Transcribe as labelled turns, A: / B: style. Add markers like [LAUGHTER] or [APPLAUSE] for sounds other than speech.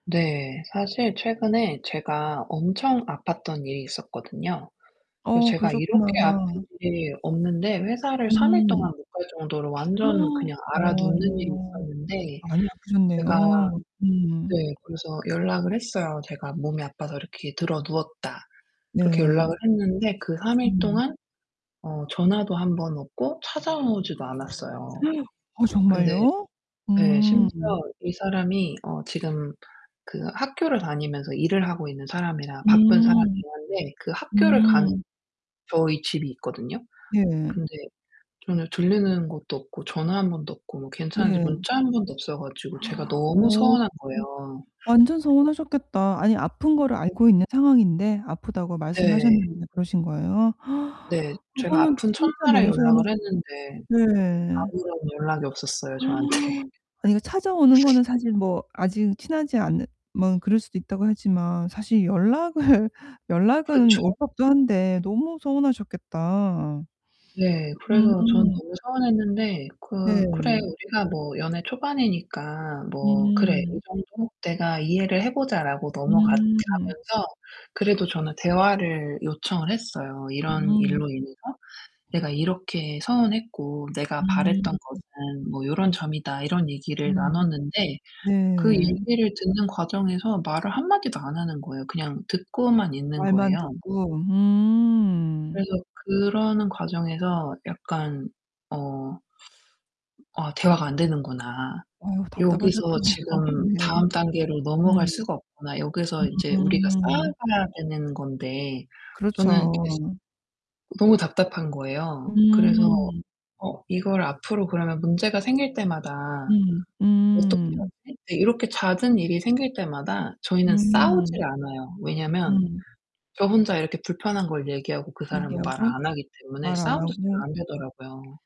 A: 네. 사실 최근에 제가 엄청 아팠던 일이 있었거든요. 그래서
B: 어
A: 제가
B: 그러셨구나.
A: 이렇게 아픈 일이 없는데 회사를 3 일
B: 음.
A: 동안 못 갈 정도로 완전
B: [GASPS]
A: 그냥 앓아눕는 일이
B: 어.
A: 있었는데
B: 많이
A: 제가
B: 아프셨네요. 음.
A: 네 그래서 연락을 했어요. "제가 몸이 아파서 이렇게 드러누웠다." 그렇게
B: 네.
A: 연락을 했는데 그 3 일
B: 음.
A: 동안 어 전화도 1 번 없고 찾아오지도 않았어요.
B: [GASPS] 어
A: 근데
B: 정말요?
A: 예 심지어
B: 음.
A: 이 사람이 어 지금 그 학교를 다니면서 일을 하고 있는 사람이라 바쁜
B: 음.
A: 사람이긴 한데 그 학교를 가는
B: 음.
A: 저희 집이 있거든요.
B: 네.
A: 근데 전혀 들리는 것도 없고 전화 1 번도 없고 뭐 괜찮은지
B: 네.
A: 문자 1 번도 없어 가지고 제가
B: [GASPS]
A: 너무
B: 어.
A: 서운한 거예요.
B: 완전 서운하셨겠다. 아니 아픈 거를 알고 있는 상황인데? 아프다고
A: 네.
B: 말씀하셨는데 그러신 거예요?
A: 네.
B: [GASPS]
A: 제가
B: 그거는
A: 아픈
B: 진짜
A: 첫날에
B: 너무 서운하셨
A: 연락을 했는데
B: 네.
A: 아무런 연락이 없었어요, 저한테.
B: [GASPS] 아니 그 찾아오는
A: [LAUGHS]
B: 거는 사실 뭐 아직은 친하지 않으면 그럴 수도 있다고 하지만 사실 연락을 연락은
A: 그쵸.
B: 올 법도 한데 너무 서운하셨겠다.
A: 네.
B: 음
A: 그래서 저는
B: 음.
A: 너무 서운했는데 '그 그래.
B: 네.
A: 우리가 뭐 연애 초반이니까 뭐 그래 이
B: 음.
A: 정도 내가 이해를 해 보자.' 라고 넘어갔
B: 음 음.
A: 가면서 그래도 저는 대화를 요청을 했어요. "이런
B: 음.
A: 일로 인해서 내가 이렇게 서운했고 내가
B: 음.
A: 바랬던 것은 뭐 요런 점이다." 이런 얘기를
B: 음.
A: 나눴는데 그
B: 네.
A: 얘기를 듣는 과정에서 말을 한마디도 안 하는 거에요. 그냥 듣고만 있는
B: 말만
A: 거에요.
B: 듣고. 음.
A: 그래서 그러는 과정에서 약간 어 '아, 대화가 안 되는구나.
B: 어우
A: 여기서
B: 답답하셨겠네요.
A: 지금
B: 네.
A: 다음 단계로 넘어갈
B: 음.
A: 수가 없구나.' 여기서 인제 우리가
B: 아.
A: 쌓아가야 되는 건데 저는 되게 시
B: 그렇죠.
A: 너무 답답한 거예요. 그래서
B: 음.
A: 어 이걸 '앞으로 문제가 생길 때마다
B: 음.
A: 어떻게
B: 음.
A: 하지?' 네. 이렇게 잦은 일이 생길 때마다 저희는
B: 음.
A: 싸우지를 않아요. 왜냐면
B: 음.
A: 저 혼자 이렇게 불편한 걸 얘기하고 그 사람은 말을
B: 얘기하고?
A: 안 하기 때문에
B: 말 안
A: 싸움도
B: 하고.
A: 별로 안되더라고요.